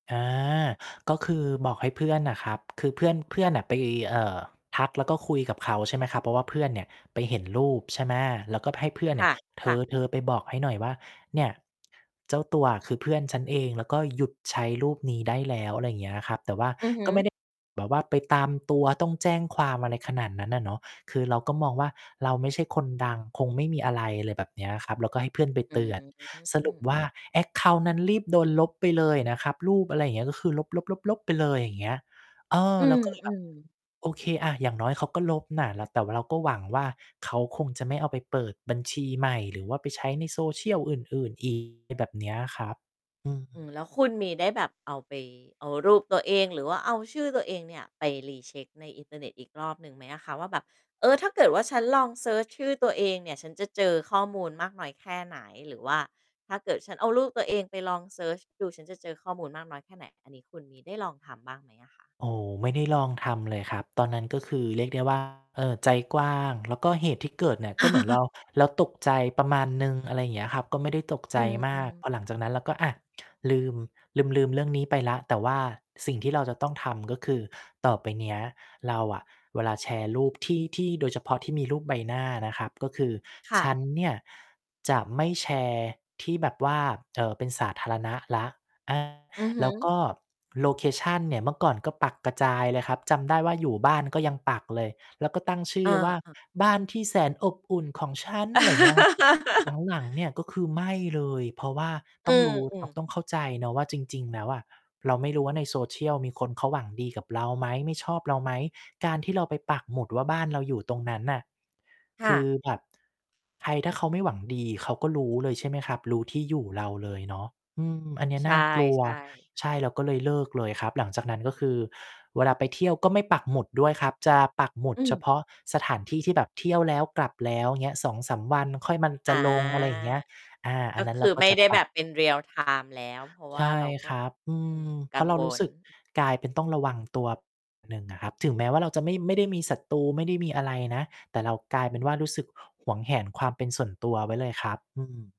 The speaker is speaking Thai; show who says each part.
Speaker 1: อา ก็คือบอกให้เพื่อนน่ะครับ คือเพื่อน เพื่อนน่ะไป เอ่อ ทักแล้วก็คุยกับเขา ใช่ไหมครับ เพราะว่าเพื่อนเนี่ยไปเห็นรูป ใช่ไหม แล้วก็ให้เพื่อน
Speaker 2: ค
Speaker 1: เนี่
Speaker 2: ่
Speaker 1: ย
Speaker 2: ะ
Speaker 1: "เ
Speaker 2: ค่ะ
Speaker 1: ธอ ๆ ไปบอกให้หน่อยว่า เนี่ย เจ้าตัว คือเพื่อนฉันเอง แล้วก็หยุดใช้รูปนี้ได้แล้ว" อะไรอย่างเงี้ยครับ แต่ว่า
Speaker 2: อือฮึ
Speaker 1: ก็ไม่ ได้ แบบว่าไปตามตัวต้องแจ้งความอะไรขนาดนั้นน่ะเนาะ คือเราก็มองว่าเราไม่ใช่คนดังคงไม่มีอะไร อะไรแบบเนี้ยครับ เราก็ให้เพื่อนไป
Speaker 2: อื
Speaker 1: เตือน สรุป
Speaker 2: ม
Speaker 1: ว่า แอ็กเคานต์ นั้นรีบ โดนลบไปเลยอะนะครับ รูป อะไรอย่างเงี้ย ก็คือลบ ๆ ๆ ไปเลย อย่างเงี้ย เออ
Speaker 2: อื
Speaker 1: เรา ก็เลย แบบ
Speaker 2: อ ๆ
Speaker 1: โอเคอะ อย่างน้อยเขาก็ลบน่ะ แต่ว่าเราก็หวังว่าเขาคงจะไม่เอาไปเปิดบัญชีใหม่ หรือว่าไปใช้ในโซเชียลอื่น ๆ อีก แบบเนี้ยครับ อื
Speaker 2: อื
Speaker 1: ม
Speaker 2: อ แล้วคุณมีได้แบบเอา ไป เอารูปตัวเอง หรือว่าเอาชื่อตัวเองเนี่ย ไป Recheck ในอินเทอร์เน็ตอีกรอบหนึ่งไหมอะคะ? ว่าแบบ เอ่อ ถ้าเกิดว่าฉันลองเซิร์ชชื่อตัวเองเนี่ย ฉันจะเจอข้อมูลมากน้อยแค่ไหน? หรือว่าถ้าเกิดฉันเอารูปตัวเองไป ลองเซิร์ชดู ฉันจะเจอข้อมูลมากน้อยแค่ไหน อันนี้คุณมีได้ลองทำบ้างไหมอะคะ?
Speaker 1: โอ้ ไม่ได้ ลองทำเลยครับ ตอนนั้นก็คือเรียกได้ ว่า เอ่อ ใจกว้าง แล้วก็เหตุที่เกิดเนี่ย ก็เหมือนเรา เราตกใจประมาณหนึ่ง อะไรอย่างเงี้ยครับ ก็ไม่ได้ตกใ
Speaker 2: อ
Speaker 1: จ
Speaker 2: ื
Speaker 1: มาก
Speaker 2: อ ๆ
Speaker 1: พอหลังจากนั้นเราก็ อ่า ลืม ลืม ๆ เรื่องนี้ไปแล้ว แต่ว่าสิ่งที่เราจะต้องทำ ก็คือ ต่อไปเนี้ยเราอะเวลาแชร์รูปที่ ที่โดยเฉพาะที่มีรูปใบหน้านะครับ ก็คือ
Speaker 2: ค่
Speaker 1: ฉ
Speaker 2: ะ
Speaker 1: ันเนี่ยจะไม่แชร์ที่แบบว่า เอ่อ เป็นสาธารณะแล้ว อ่า
Speaker 2: อือฮ
Speaker 1: แ
Speaker 2: ึ
Speaker 1: ล้วก็โลเคชันเนี่ย เมื่อก่อนก็ปักกระจายเลยครับ จำได้ว่าอยู่บ้านก็ยังปักเลย แล้วก็ตั้งชื่
Speaker 2: อ
Speaker 1: อว่า
Speaker 2: า ๆ
Speaker 1: "บ้านที่แสนอบอุ่นของฉัน" อะไรอย่างเงี้ยครับ หลัง ๆ เนี่ยก็คือไม่เลย เพราะว่า
Speaker 2: อ
Speaker 1: ต
Speaker 2: ื
Speaker 1: ้อง
Speaker 2: ม
Speaker 1: รู้
Speaker 2: อื
Speaker 1: แล
Speaker 2: อ
Speaker 1: ้ว ต้องเข้าใจนะว่าจริง ๆ แล้วอะ เราไม่รู้ว่าในโซเชียลมีคนเขาหวังดีกับเราไหม ไม่ชอบเราไหม การที่เราไปปักหมุดว่าบ้านเราอยู่ตรงนั้นน่ะ
Speaker 2: ค
Speaker 1: ค
Speaker 2: ่
Speaker 1: ือ
Speaker 2: ะ
Speaker 1: แบบใครถ้าเขาไม่หวังดี เขาก็รู้เลย ใช่ไหมครับ รู้ที่อยู่เราเลยเนาะ อืม อันนี้
Speaker 2: ใช
Speaker 1: น่ากลัว
Speaker 2: ่ ๆ
Speaker 1: ใช่ เราก็เลยเลิกเลยครับ หลังจากนั้น ก็คือเวลาไปเที่ยวก็ไม่ปักหมุดด้วยครับ จะปักหมุ
Speaker 2: อ
Speaker 1: ด
Speaker 2: ื
Speaker 1: เฉ
Speaker 2: ม
Speaker 1: พาะสถานที่ที่แบบเที่ยวแล้วกลับแล้วเงี้ย 2-3 วัน ค่อยมัน จ
Speaker 2: อา
Speaker 1: ะลง อะไรอย่างเงี้ย อา อ
Speaker 2: ก
Speaker 1: ัน
Speaker 2: ็
Speaker 1: นั้
Speaker 2: ค
Speaker 1: นเ
Speaker 2: ื
Speaker 1: ร
Speaker 2: อ
Speaker 1: าก็
Speaker 2: ไม่
Speaker 1: จะ
Speaker 2: ได้
Speaker 1: ป
Speaker 2: แ
Speaker 1: ั
Speaker 2: บ
Speaker 1: ก
Speaker 2: บเป็น Real time แล้ว เพราะว
Speaker 1: ใช
Speaker 2: ่า
Speaker 1: ่
Speaker 2: เราก็
Speaker 1: ครับ อื
Speaker 2: อืม
Speaker 1: ม เ
Speaker 2: ก
Speaker 1: พ
Speaker 2: ั
Speaker 1: รา
Speaker 2: ง
Speaker 1: ะเรา
Speaker 2: ว
Speaker 1: รู้ส
Speaker 2: ล
Speaker 1: ึกกลายเป็นต้องระวัง ตัวประมาณ หนึ่งอะครับ ถึงแม้ว่าเราจะไม่ ไม่ได้มีศัตรู ไม่ได้มีอะไรนะ แต่เรากลายเป็นว่า รู้สึกหวงแหนความเป็นส่วนตัวไว้เลยครับ อืม